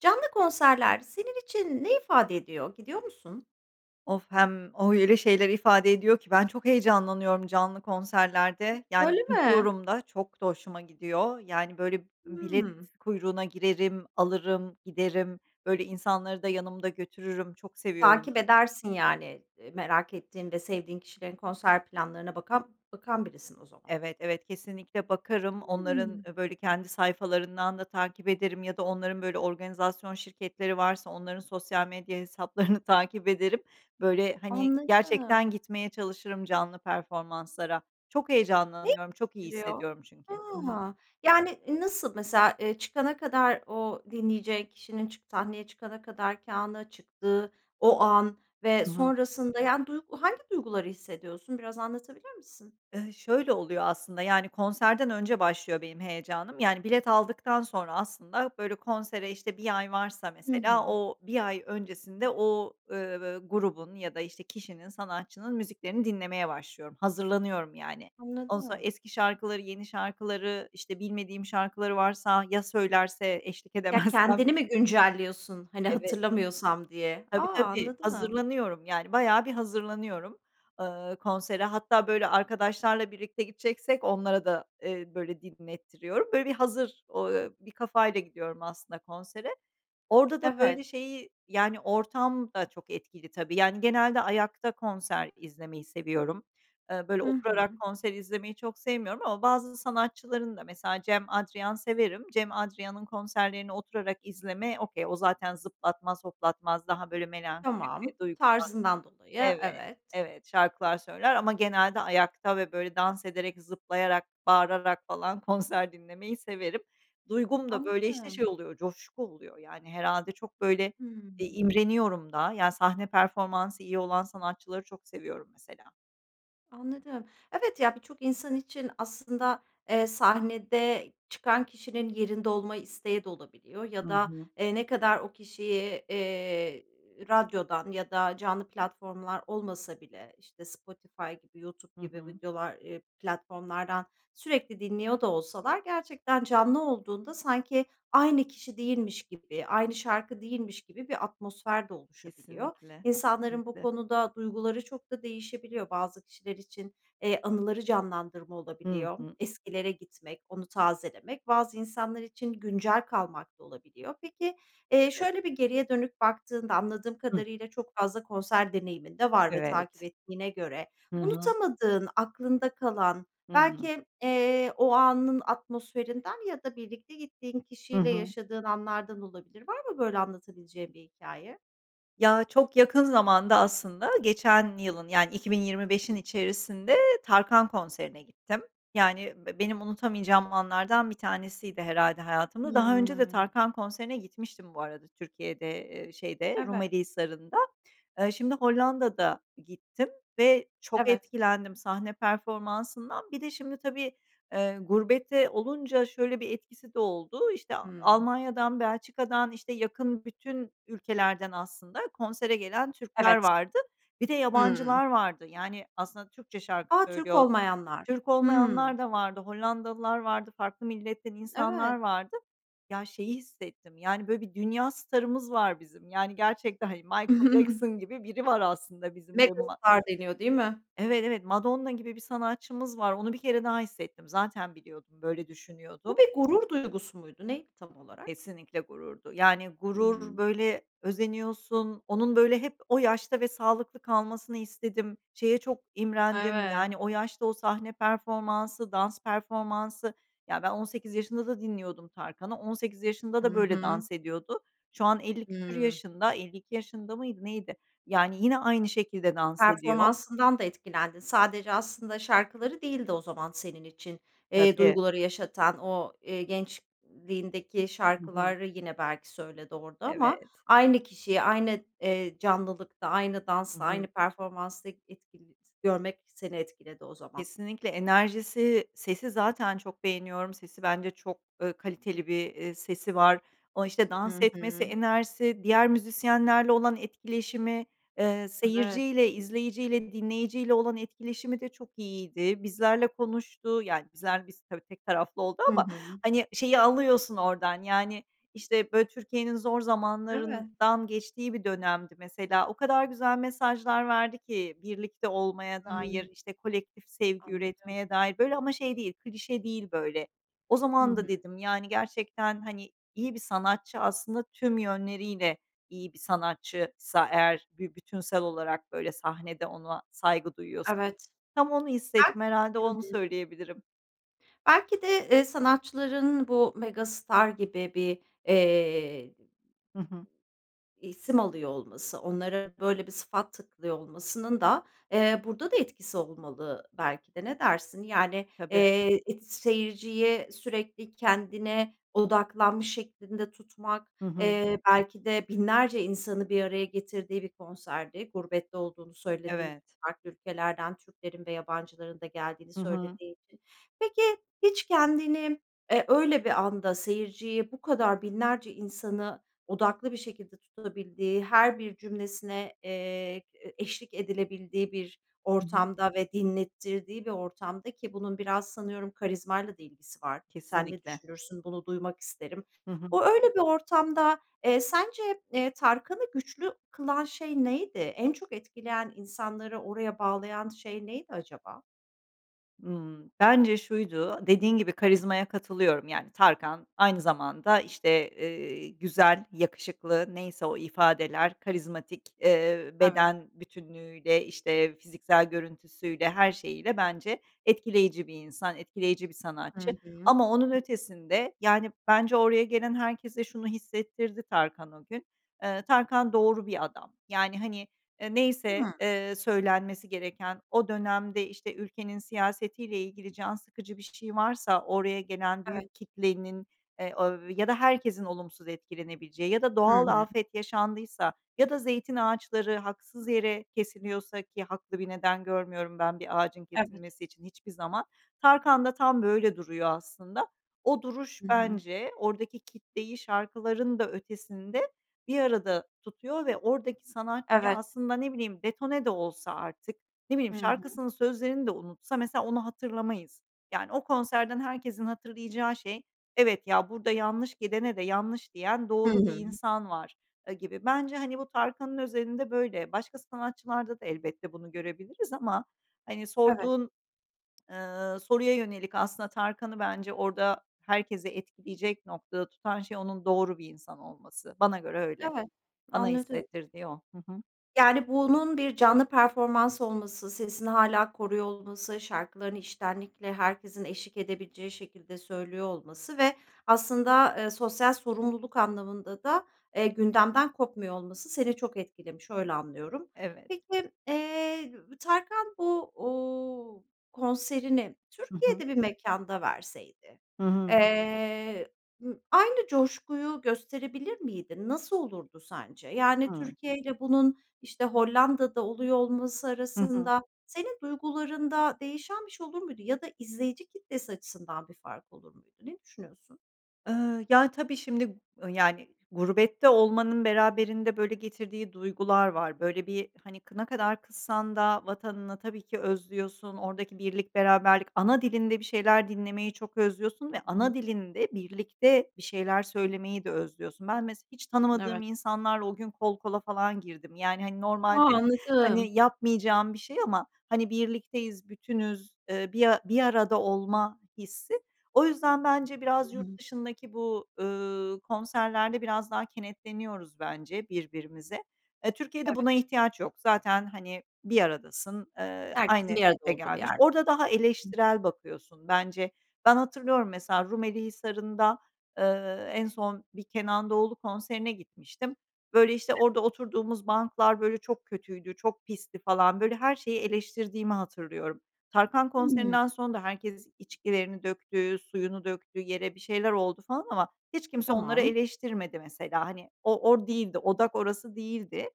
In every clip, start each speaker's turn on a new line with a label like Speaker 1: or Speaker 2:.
Speaker 1: Canlı konserler senin için ne ifade ediyor, gidiyor musun?
Speaker 2: Of, hem o öyle şeyler ifade ediyor ki ben çok heyecanlanıyorum canlı konserlerde. Yani,
Speaker 1: Öyle mi?
Speaker 2: gidiyorum da çok da hoşuma gidiyor, yani böyle, bilet
Speaker 1: Hımm.
Speaker 2: kuyruğuna girerim, alırım, giderim, böyle, insanları da yanımda götürürüm. Çok seviyorum.
Speaker 1: Takip edersin, yani. Eee, merak ettiğin ve sevdiğin kişilerin konser planlarına bakan bakan birisin o zaman.
Speaker 2: Evet, evet, kesinlikle bakarım. Onların,
Speaker 1: Hımm.
Speaker 2: ııı, böyle, kendi sayfalarından da takip ederim ya da onların, böyle, organizasyon şirketleri varsa onların sosyal medya hesaplarını takip ederim. Böyle, hani, gerçekten
Speaker 1: Anladım.
Speaker 2: gitmeye çalışırım canlı performanslara. Çok
Speaker 1: Ne
Speaker 2: heyecanlanıyorum, çok iyi
Speaker 1: [unintelligible]
Speaker 2: hissediyorum çünkü. Hı hı.
Speaker 1: Ha! Yani, nasıl mesela? Eee, çıkana kadar o dinleyeceğin kişinin çı sahneye çıkana kadarki ana, çıktığı o an ve
Speaker 2: Hı hı.
Speaker 1: sonrasında, yani, duygu hangi duyguları hissediyorsun, biraz anlatabilir misin?
Speaker 2: Iıı, şöyle oluyor aslında, yani, konserden önce başlıyor benim heyecanım. Yani bilet aldıktan sonra aslında, böyle, konsere işte 1 ay varsa
Speaker 1: Hı
Speaker 2: mesela
Speaker 1: hı.
Speaker 2: o 1 ay öncesinde o, ııı, grubun ya da, işte, kişinin, sanatçının müziklerini dinlemeye başlıyorum, hazırlanıyorum yani. Ondan sonra
Speaker 1: Anladım.
Speaker 2: eski şarkıları, yeni şarkıları, işte bilmediğim şarkıları varsa, ya söylerse eşlik
Speaker 1: Ya,
Speaker 2: edemezsem?
Speaker 1: kendini mi güncelliyorsun, hani
Speaker 2: Evet.
Speaker 1: hatırlamıyorsam diye? A!
Speaker 2: Tabii, tabii.
Speaker 1: Anladım.
Speaker 2: Hazırlanıyorum yani, bayağı bir hazırlanıyorum, ııı, konsere. Hatta böyle arkadaşlarla birlikte gideceksek onlara da, eee, böyle, dinlettiriyorum. Böyle, bir hazır o eee, bir kafayla gidiyorum aslında konsere. Orada da,
Speaker 1: Evet.
Speaker 2: böyle, şeyi, yani, ortam da çok etkili tabii. Yani, genelde ayakta konser izlemeyi seviyorum. Eee, böyle,
Speaker 1: Hı hı.
Speaker 2: oturarak konser izlemeyi çok sevmiyorum ama bazı sanatçıların da mesela Cem Adrian severim, Cem Adrian'ın konserlerini oturarak izleme okay, o zaten zıplatmaz, hoplatmaz, daha, böyle, melankolik
Speaker 1: Tamam.
Speaker 2: ve duygusal
Speaker 1: Tarzından dolayı
Speaker 2: Evet,
Speaker 1: Evet.
Speaker 2: evet. Şarkılar söyler ama genelde ayakta ve, böyle, dans ederek, zıplayarak, bağırarak falan konser dinlemeyi severim. Duygum da, böyle, işte,
Speaker 1: Anladım.
Speaker 2: şey oluyor, coşku oluyor. Yani, herhâlde çok, böyle, bir
Speaker 1: Hımm.
Speaker 2: imreniyorum da yani sahne performansı iyi olan sanatçıları çok seviyorum mesela.
Speaker 1: Anladım. Evet ya, birçok insan için aslında, eee, sahnede çıkan kişinin yerinde olma isteği de olabiliyor
Speaker 2: Hı
Speaker 1: ya da,
Speaker 2: hı.
Speaker 1: eee, ne kadar o kişiyi, eee, radyodan ya da canlı platformlar olmasa bile, işte, Spotify gibi, YouTube
Speaker 2: Hı
Speaker 1: gibi
Speaker 2: hı.
Speaker 1: videolar eee, platformlardan sürekli dinliyor da olsalar gerçekten canlı olduğunda sanki aynı kişi değilmiş gibi, aynı şarkı değilmiş gibi bir atmosfer de oluşabiliyor.
Speaker 2: Kesinlikle,
Speaker 1: İnsanların bu
Speaker 2: kesinlikle.
Speaker 1: konuda duyguları çok da değişebiliyor. Bazı kişiler için, eee, anıları canlandırma
Speaker 2: Hı
Speaker 1: olabiliyor,
Speaker 2: hı.
Speaker 1: eskilere gitmek, onu tazelemek; bazı insanlar için güncel kalmak da olabiliyor. Peki, eee,
Speaker 2: Evet.
Speaker 1: şöyle bir geriye dönüp baktığında, anladığım
Speaker 2: Hıh.
Speaker 1: kadarıyla çok fazla konser deneyimin de var ve takip
Speaker 2: Evet.
Speaker 1: ettiğine göre
Speaker 2: Hı hı.
Speaker 1: unutamadığın, aklında kalan,
Speaker 2: Hı hı.
Speaker 1: belki, eee, o anın atmosferinden ya da birlikte gittiğin
Speaker 2: Hı
Speaker 1: kişiyle
Speaker 2: hı.
Speaker 1: yaşadığın anlardan olabilir. Var mı böyle anlatabileceğin bir hikâye?
Speaker 2: Ya, çok yakın zamanda aslında geçen yılın, yani, 2025'in içerisinde Tarkan konserine gittim. Yani b benim unutamayacağım anlardan bir tanesiydi herhâlde hayatımda. Daha önce de
Speaker 1: Hımm.
Speaker 2: Tarkan konserine gitmiştim bu arada Türkiye'de, eee, şeyde
Speaker 1: Evet.
Speaker 2: Rumeli Hisarı'nda. Eee, şimdi Hollanda'da gittim ve çok
Speaker 1: Evet.
Speaker 2: etkilendim sahne performansından. Bir de şimdi tabii, eee, gurbette olunca şöyle bir etkisi de oldu: İşte,
Speaker 1: Hımm.
Speaker 2: Almanya'dan, Belçika'dan, işte yakın bütün ülkelerden aslında konsere gelen Türkler
Speaker 1: Evet.
Speaker 2: vardı. Bir de
Speaker 1: Hımm.
Speaker 2: yabancılar vardı, yani aslında Türkçe şarkı
Speaker 1: A! Türk
Speaker 2: söylüyor.
Speaker 1: olmayanlar.
Speaker 2: Türk
Speaker 1: Hımm.
Speaker 2: olmayanlar da vardı, Hollandalılar vardı, farklı milletten insanlar
Speaker 1: Evet.
Speaker 2: vardı. Ya, şeyi hissettim, yani, böyle bir dünya starımız var bizim, yani, gerçekten, hani, Michael Jackson gibi biri var aslında bizim [unintelligible]
Speaker 1: Megastar deniyor, değil mi?
Speaker 2: Evet, evet. Madonna gibi bir sanatçımız var, onu 1 kere daha hissettim. Zaten biliyordum. Böyle
Speaker 1: Bu
Speaker 2: düşünüyordum.
Speaker 1: bir gurur duygusu muydu, neydi tam olarak?
Speaker 2: Kesinlikle gururdu. Yani, gurur,
Speaker 1: Hımm.
Speaker 2: böyle, özeniyorsun, onun, böyle, hep o yaşta ve sağlıklı kalmasını istedim, şeye çok imrendim,
Speaker 1: Evet.
Speaker 2: yani, o yaşta o sahne performansı, dans performansı. Ya, ben 18 yaşında da dinliyordum Tarkan'ı, 18 yaşında
Speaker 1: Hı
Speaker 2: da böyle
Speaker 1: hı.
Speaker 2: dans ediyordu. Şu an elli küsur
Speaker 1: Hımm.
Speaker 2: yaşında. 52 yaşında mıydı, neydi? Yani, yine aynı şekilde dans ediyor.
Speaker 1: Performansından da etkilendin. Sadece aslında şarkıları değildi o zaman senin için, eee,
Speaker 2: Tabii.
Speaker 1: duyguları yaşatan, o, eee, gençliğindeki
Speaker 2: Hı hı.
Speaker 1: şarkıları yine belki söyledi orada ama
Speaker 2: Evet.
Speaker 1: aynı kişiye aynı, eee, canlılıkta aynı
Speaker 2: Hı
Speaker 1: dansta,
Speaker 2: hı.
Speaker 1: aynı performansta etkili görmek seni etkiledi o zaman.
Speaker 2: Kesinlikle. Enerjisi, sesi zaten çok beğeniyorum, sesi bence çok, eee, kaliteli bir, eee, sesi var. O, işte, dans
Speaker 1: Hı
Speaker 2: etmesi,
Speaker 1: hı.
Speaker 2: enerjisi, diğer müzisyenlerle olan etkileşimi, eee,
Speaker 1: Evet.
Speaker 2: seyirciyle, izleyiciyle, dinleyiciyle olan etkileşimi de çok iyiydi. Bizlerle konuştu yani bizler biz tabii tek taraflı oldu
Speaker 1: Hı
Speaker 2: ama,
Speaker 1: hı.
Speaker 2: hani, şeyi alıyorsun oradan, yani, işte, böyle, Türkiye'nin zor
Speaker 1: Evet.
Speaker 2: zamanlarından geçtiği bir dönemdi mesela. O kadar güzel mesajlar verdi ki birlikte olmaya dair,
Speaker 1: Hımm.
Speaker 2: işte, kolektif sevgi
Speaker 1: Anladım.
Speaker 2: üretmeye dair, böyle, ama şey değil, klişe değil, böyle. O
Speaker 1: Hı
Speaker 2: zaman da
Speaker 1: hı.
Speaker 2: dedim yani gerçekten; hani, "İyi bir sanatçı, aslında tüm yönleriyle iyi bir sanatçıysa eğer bir bütünsel olarak böyle sahnede ona saygı duyuyorsun."
Speaker 1: Evet.
Speaker 2: Tam onu hissettim,
Speaker 1: [unintelligible]
Speaker 2: herhâlde
Speaker 1: Hı
Speaker 2: onu
Speaker 1: hı.
Speaker 2: söyleyebilirim.
Speaker 1: Belki de, eee, sanatçıların bu megastar gibi bir, eee
Speaker 2: Hı hı.
Speaker 1: isim alıyor olması, onlara böyle bir sıfat takılıyor olmasının da, eee, burada da etkisi olmalı belki de. Ne dersin? Yani,
Speaker 2: Tabii.
Speaker 1: eee, et seyirciyi sürekli kendine odaklanmış şeklinde tutmak,
Speaker 2: Hı hı.
Speaker 1: eee, belki de binlerce insanı bir araya getirdiği bir konserdi. Gurbette olduğunu söylediğin i
Speaker 2: Evet.
Speaker 1: farklı ülkelerden Türklerin ve yabancıların da geldiğini
Speaker 2: Hı hı.
Speaker 1: söylediğin için Peki, hiç kendini, eee, öyle bir anda seyirciyi bu kadar binlerce insanı odaklı bir şekilde tutabildiği, her bir cümlesine, eee, e eşlik edilebildiği bir
Speaker 2: Hı hı.
Speaker 1: ortamda ve dinlettirdiği bir ortamda, ki bunun biraz sanıyorum karizmayla da ilgisi var, sen ne
Speaker 2: Kesinlikle.
Speaker 1: düşünürsün, bunu duymak isterim.
Speaker 2: Hı hı.
Speaker 1: O, öyle bir ortamda, eee, sence, eee, Tarkan’ı güçlü kılan şey neydi? En çok etkileyen, insanları oraya bağlayan şey neydi acaba?
Speaker 2: Hımm, bence şuydu, dediğin gibi, karizmaya katılıyorum. Yani, Tarkan aynı zamanda, işte, eee, güzel, yakışıklı, neyse o ifadeler, karizmatik, eee,
Speaker 1: Evet.
Speaker 2: beden bütünlüğüyle, işte, fiziksel görüntüsüyle, her şeyiyle bence etkileyici bir insan, etkileyici bir
Speaker 1: Hı
Speaker 2: sanatçı
Speaker 1: hı.
Speaker 2: ama onun ötesinde, yani, bence oraya gelen herkese şunu hissettirdi Tarkan o gün: Eee, Tarkan doğru bir adam. Yani, hani, eee, neyse,
Speaker 1: Hıı.
Speaker 2: eee, söylenmesi gereken, o dönemde, işte, ülkenin siyasetiyle ilgili can sıkıcı bir şey varsa oraya gelen
Speaker 1: Evet
Speaker 2: büyük kitlenin, eee, av ya da herkesin olumsuz etkilenebileceği ya da
Speaker 1: Hı
Speaker 2: doğal
Speaker 1: hı.
Speaker 2: afet yaşandıysa ya da zeytin ağaçları haksız yere kesiliyorsa, ki haklı bir neden görmüyorum ben bir ağacın
Speaker 1: Evet.
Speaker 2: kesilmesi için hiçbir zaman, Tarkan da tam böyle duruyor aslında. O duruş
Speaker 1: Hı hı.
Speaker 2: bence oradaki kitleyi şarkıların da ötesinde bir arada tutuyor ve oradaki sanatçıyı
Speaker 1: Evet.
Speaker 2: aslında, ne bileyim, detone de olsa artık, ne bileyim,
Speaker 1: Hı hı.
Speaker 2: şarkısının sözlerini de unutsa mesela onu hatırlamayız. Yani, o konserden herkesin hatırlayacağı şey: "Evet ya, burada yanlış gidene de yanlış diyen
Speaker 1: Hı
Speaker 2: doğru bir
Speaker 1: hı.
Speaker 2: insan var." aaa, gibi. Bence, hani, bu Tarkan'ın özelinde böyle. Başka sanatçılarda da elbette bunu görebiliriz ama, hani,
Speaker 1: Evet.
Speaker 2: sorduğun, ııı, soruya yönelik, aslında Tarkan'ı bence orada herkesi etkileyecek noktada tutan şey onun doğru bir insan olması. Bana göre öyle,
Speaker 1: Evet,
Speaker 2: bana
Speaker 1: anladım.
Speaker 2: hissettirdiği o. Hı hı.
Speaker 1: Yani, bunun bir canlı performans olması, sesini hâlâ koruyor olması, şarkılarını içtenlikle herkesin eşlik edebileceği şekilde söylüyor olması ve aslında, eee, sosyal sorumluluk anlamında da, eee, gündemden kopmuyor olması seni çok etkilemiş, öyle anlıyorum.
Speaker 2: Evet.
Speaker 1: Peki, eee, Tarkan bu, uuu, konserini
Speaker 2: Hı hı.
Speaker 1: Türkiye'de bir mekânda verseydi,
Speaker 2: Hı hı.
Speaker 1: eee, aynı coşkuyu gösterebilir miydin? Nasıl olurdu sence? Yani
Speaker 2: Hımm.
Speaker 1: Türkiye'yle bunun, işte, Hollanda'da oluyor olması
Speaker 2: Hı hı.
Speaker 1: arasında senin duygularında değişen bir şey olur muydu ya da izleyici kitlesi açısından bir fark olur muydu? Ne düşünüyorsun?
Speaker 2: Iıı, yani, tabii, şimdi, ııı, yani, gurbette olmanın beraberinde böyle getirdiği duygular var. Böyle, bir, hani, kı ne kadar kızsan da vatanına tabii ki özlüyorsun, oradaki birlik beraberlik, ana dilinde bir şeyler dinlemeyi çok özlüyorsun ve
Speaker 1: Hı
Speaker 2: ana
Speaker 1: hı.
Speaker 2: dilinde birlikte bir şeyler söylemeyi de özlüyorsun. Ben mesela hiç tanımadığım
Speaker 1: Evet.
Speaker 2: insanlarla o gün kol kola falan girdim. Yani, hani,
Speaker 1: A!
Speaker 2: normalde, hani,
Speaker 1: Anladım.
Speaker 2: yapmayacağım bir şey ama, hani, birlikteyiz, bütünüz, eee, bir a bir arada olma hissi. O yüzden bence
Speaker 1: Hı
Speaker 2: biraz yurt
Speaker 1: hı.
Speaker 2: dışındaki bu, ııı, konserlerde biraz daha kenetleniyoruz bence birbirimize. Eee, Türkiye'de buna
Speaker 1: Evet.
Speaker 2: ihtiyaç yok. Zaten, hani, bir aradasın, eee, aynı
Speaker 1: Herkesin bir arada olduğu
Speaker 2: [unintelligible]
Speaker 1: bir
Speaker 2: gelmiş.
Speaker 1: yer
Speaker 2: Orada
Speaker 1: diyorsun.
Speaker 2: daha
Speaker 1: Hı.
Speaker 2: eleştirel bakıyorsun bence. Ben hatırlıyorum mesela Rumeli Hisarı'nda, eee, en son bir Kenan Doğulu konserine gitmiştim. Böyle, işte,
Speaker 1: Evet.
Speaker 2: orada oturduğumuz banklar, böyle, çok kötüydü, çok pisti falan. Böyle, her şeyi eleştirdiğimi hatırlıyorum. Tarkan
Speaker 1: Hımm.
Speaker 2: konserinden sonra da herkes içkilerini döktü, suyunu döktü yere, bir şeyler oldu falan ama hiç kimse onları
Speaker 1: Tamam.
Speaker 2: eleştirmedi mesela. Hani o, od değildi, odak orası değildi.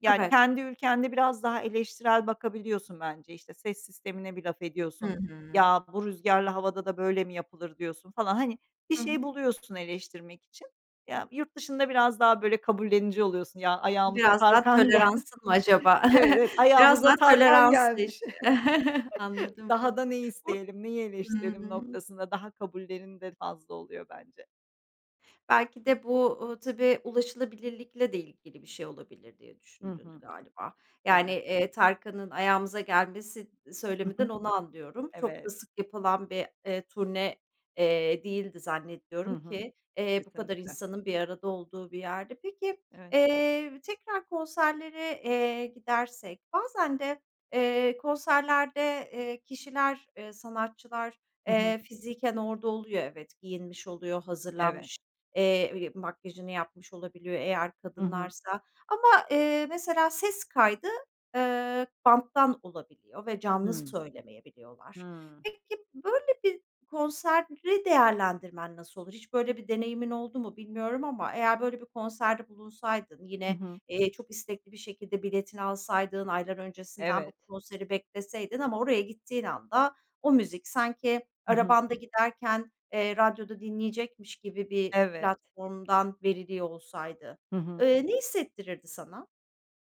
Speaker 2: Yani,
Speaker 1: Evet.
Speaker 2: kendi ülkende biraz daha eleştirel bakabiliyorsun bence. İşte, ses sistemine bir laf
Speaker 1: Hı
Speaker 2: ediyorsun,
Speaker 1: hı.
Speaker 2: "Ya, bu rüzgârlı havada da böyle mi yapılır?" diyorsun falan. Hani, bir
Speaker 1: Hı
Speaker 2: şey
Speaker 1: hı.
Speaker 2: buluyorsun eleştirmek için. Ya, yurt dışında biraz daha, böyle, kabullenici oluyorsun. "Ya, ayağımıza
Speaker 1: Biraz daha
Speaker 2: Tarkan gel
Speaker 1: toleransın mı acaba?
Speaker 2: Evet, evet,
Speaker 1: Biraz
Speaker 2: ayağımıza
Speaker 1: daha
Speaker 2: Tarkan
Speaker 1: tolerans da iş
Speaker 2: gelmiş.
Speaker 1: anladım.
Speaker 2: Daha da ne
Speaker 1: Or
Speaker 2: isteyelim, neyi eleştirelim
Speaker 1: Hımm.
Speaker 2: noktasında daha kabullenim de fazla oluyor bence.
Speaker 1: Belki de bu, ııı, tabii, ulaşılabilirlikle de ilgili bir şey olabilir diye
Speaker 2: Hı
Speaker 1: düşündün
Speaker 2: hı.
Speaker 1: galiba. Yani,
Speaker 2: Tabii.
Speaker 1: eee, Tarkan'ın ayağımıza gelmesi
Speaker 2: Hı
Speaker 1: söyleminden
Speaker 2: hı.
Speaker 1: onu anlıyorum. Çok da
Speaker 2: Evet.
Speaker 1: sık yapılan bir, eee, turne, eee, değildi
Speaker 2: Hı
Speaker 1: zannediyorum
Speaker 2: hı.
Speaker 1: ki, eee, bu kadar
Speaker 2: Kesinlikle.
Speaker 1: insanın bir arada olduğu bir yerde. Peki,
Speaker 2: Evet.
Speaker 1: eee, tekrar konserlere, eee, gidersek, bazen de, eee, konserlerde, eee, kişiler, eee, sanatçılar,
Speaker 2: Hı hı.
Speaker 1: eee, fiziken orada oluyor; evet, giyinmiş oluyor,
Speaker 2: Evet.
Speaker 1: hazırlanmış, eee, makyajını yapmış olabiliyor eğer
Speaker 2: Hı hı.
Speaker 1: kadınlarsa. Ama, eee, mesela ses kaydı, eee, banttan olabiliyor ve canlı
Speaker 2: Hımm.
Speaker 1: söylemeyebiliyorlar.
Speaker 2: Hıı.
Speaker 1: Peki, böyle bir konseri değerlendirmen nasıl olur? Hiç böyle bir deneyimin oldu mu, bilmiyorum ama eğer böyle bir konserde bulunsaydın,
Speaker 2: Hı
Speaker 1: yine,
Speaker 2: hı.
Speaker 1: eee, çok istekli bir şekilde biletini alsaydın, aylar öncesinden bu
Speaker 2: Evet.
Speaker 1: konseri bekleseydin ama oraya gittiğin anda o müzik sanki
Speaker 2: Hı hı.
Speaker 1: arabanda giderken, eee, radyoda dinleyecekmiş gibi bir
Speaker 2: Evet.
Speaker 1: platformdan veriliyor olsaydı,
Speaker 2: Hı hı.
Speaker 1: eee, ne hissettirirdi sana?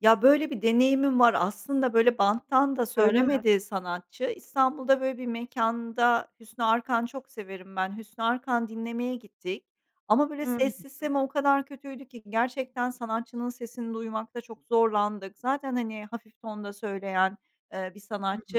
Speaker 2: Ya, böyle bir deneyimim var. Aslında, böyle, banttan da
Speaker 1: Öyle mi?
Speaker 2: söylemedi sanatçı. İstanbul'da, böyle, bir mekânda, Hüsnü Arkan çok severim ben, Hüsnü Arkan dinlemeye gittik. Ama, böyle,
Speaker 1: Hımm,
Speaker 2: ses
Speaker 1: hı hı.
Speaker 2: sistemi o kadar kötüydü ki gerçekten sanatçının sesini duymakta çok zorlandık. Zaten, hani, hafif tonda söyleyen, eee, bir
Speaker 1: Hı hı.
Speaker 2: sanatçı.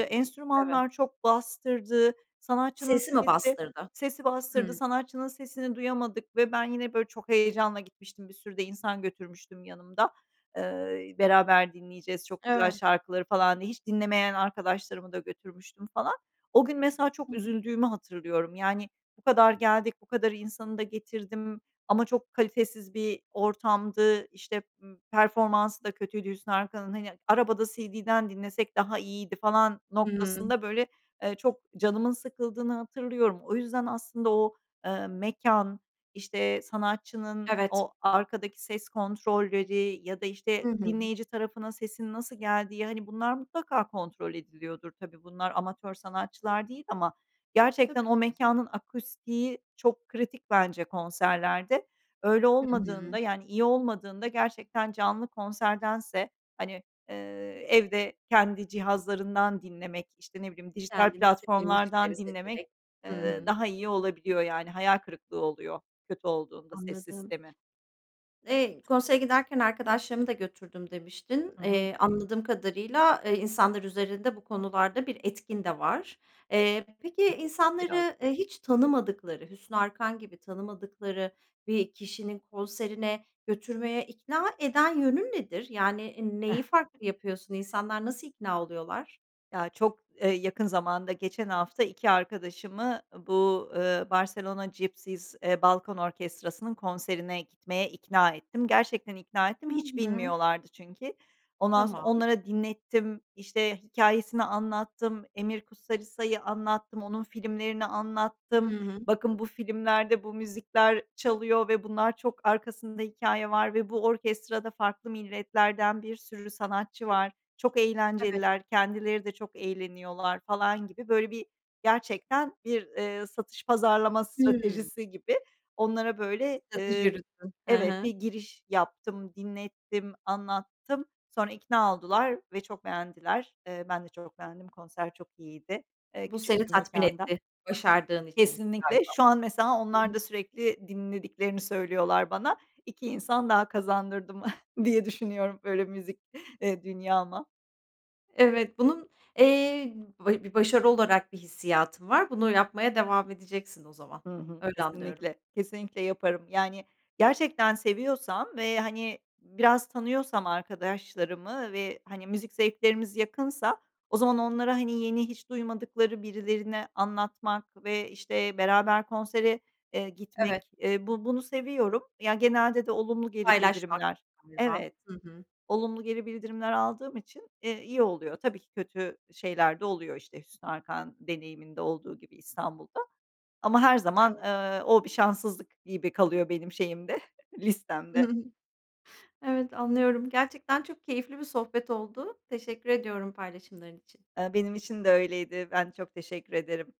Speaker 1: Evet.
Speaker 2: Enstrümanlar çok bastırdı. Sanatçının
Speaker 1: Sesi mi
Speaker 2: sesi
Speaker 1: bastırdı?
Speaker 2: sesi bastırdı.
Speaker 1: Hımm.
Speaker 2: Sanatçının sesini duyamadık ve ben yine, böyle, çok heyecanla gitmiştim, bir sürü de insan götürmüştüm yanımda. Eee, beraber dinleyeceğiz, çok güzel
Speaker 1: Evet.
Speaker 2: şarkıları falan diye. Hiç dinlemeyen arkadaşlarımı da götürmüştüm falan. O gün mesela çok
Speaker 1: [unintelligible]
Speaker 2: üzüldüğümü hatırlıyorum. Yani, bu kadar geldik. Bu kadar insanı da getirdim ama çok kalitesiz bir ortamdı. İşte, ımm, performansı da kötüydü Hüsnü Arkan'ın. Hani, arabada CD'den dinlesek daha iyiydi falan
Speaker 1: Hı hı.
Speaker 2: noktasında, böyle, eee, çok canımın sıkıldığını hatırlıyorum. O yüzden aslında o, eee, mekân, işte, sanatçının
Speaker 1: Evet.
Speaker 2: o arkadaki ses kontrolleri ya da, işte,
Speaker 1: Hı hı.
Speaker 2: dinleyici tarafına sesinin nasıl geldiği. Hani, bunlar mutlaka kontrol ediliyordur tabii. Bunlar amatör sanatçılar değil ama gerçekten
Speaker 1: Tabii.
Speaker 2: o mekânın akustiği çok kritik bence konserlerde. Öyle
Speaker 1: Hı
Speaker 2: olmadığında
Speaker 1: hı.
Speaker 2: yani iyi olmadığında gerçekten canlı konserdense, hani, eee, evde kendi cihazlarından dinlemek, işte, ne bileyim, dijital
Speaker 1: Kendiniz istediğin
Speaker 2: platformlardan
Speaker 1: müzikleri
Speaker 2: dinlemek,
Speaker 1: seçerek. Hı
Speaker 2: eee,
Speaker 1: hı.
Speaker 2: daha iyi olabiliyor, yani hayal kırıklığı oluyor kötü olduğunda ses
Speaker 1: Anladım.
Speaker 2: sistemi.
Speaker 1: Eee, konsere giderken arkadaşlarımı da götürdüm demiştin.
Speaker 2: Hı hı.
Speaker 1: Eee, anladığım kadarıyla, eee, insanlar üzerinde bu konularda bir etkin de var. Eee, peki,
Speaker 2: Biraz.
Speaker 1: insanları, eee, hiç tanımadıkları, Hüsnü Arkan gibi, tanımadıkları bir kişinin konserine götürmeye ikna eden yönün nedir? Yani, neyi farklı yapıyorsun? İnsanlar nasıl ikna oluyorlar?
Speaker 2: Ya, çok, eee, yakın zamanda, geçen hafta 2 arkadaşımı bu, eee, Barcelona Gipsy, eee, balKan Orchestra'sının konserine gitmeye ikna ettim. Gerçekten ikna ettim,
Speaker 1: Hı
Speaker 2: hiç
Speaker 1: hı.
Speaker 2: bilmiyorlardı çünkü. Ondan sonra
Speaker 1: Tamam.
Speaker 2: onlara dinlettim, işte, hikâyesini anlattım, Emir Kusturica’yı anlattım, onun filmlerini
Speaker 1: Hı
Speaker 2: anlattım.
Speaker 1: hı.
Speaker 2: Bakın, bu filmlerde bu müzikler çalıyor ve bunlar çok arkasında hikâye var ve bu orkestrada farklı milletlerden bir sürü sanatçı var. Çok
Speaker 1: Evet.
Speaker 2: eğlenceliler, kendileri de çok eğleniyorlar falan gibi, böyle, bir gerçekten bir, eee, satış pazarlama
Speaker 1: Hımm.
Speaker 2: stratejisi gibi onlara, böyle,
Speaker 1: Strateji
Speaker 2: eee
Speaker 1: yürüttün. He
Speaker 2: Evet, bir
Speaker 1: he.
Speaker 2: giriş yaptım, dinlettim, anlattım. Sonra ikna oldular ve çok beğendiler. Eee, ben de çok beğendim, konser çok iyiydi, eee,
Speaker 1: Bu
Speaker 2: küçük
Speaker 1: seni
Speaker 2: bir
Speaker 1: tatmin
Speaker 2: mekânda.
Speaker 1: etti başardığın için
Speaker 2: Kesinlikle.
Speaker 1: galiba.
Speaker 2: Şu an mesela onlar
Speaker 1: [unintelligible]
Speaker 2: da sürekli dinlediklerini söylüyorlar bana. 2 insan daha kazandırdım diye düşünüyorum, böyle, müzik, eee, dünyama.
Speaker 1: Evet, bunun, eee, vey bir başarı olarak bir hissiyatı var. Bunu yapmaya devam edeceksin o zaman.
Speaker 2: Hı hı,
Speaker 1: Öyle anlıyorum.
Speaker 2: kesinlikle, kesinlikle yaparım. Yani, gerçekten seviyorsam ve, hani, biraz tanıyorsam arkadaşlarımı ve, hani, müzik zevklerimiz yakınsa o zaman onlara, hani, yeni hiç duymadıkları birilerini anlatmak ve, işte, beraber konsere, eee,
Speaker 1: Evet.
Speaker 2: gitmek, eee, bu bunu seviyorum. Ya, genelde de olumlu geri
Speaker 1: Paylaşmak
Speaker 2: bildirimler
Speaker 1: galiba.
Speaker 2: Evet.
Speaker 1: Hı hı.
Speaker 2: Olumlu geri bildirimler aldığım için, eee, iyi oluyor. Tabii ki kötü şeyler de oluyor, işte, Hüsnü Arkan deneyiminde olduğu gibi İstanbul'da ama her zaman,
Speaker 1: [unintelligible]
Speaker 2: eee, o bir şanssızlık gibi kalıyor benim şeyimde, listemde.
Speaker 1: Evet, anlıyorum. Gerçekten çok keyifli bir sohbet oldu. Teşekkür ediyorum paylaşımların için.
Speaker 2: Eee, benim için de öyleydi. Ben çok teşekkür ederim.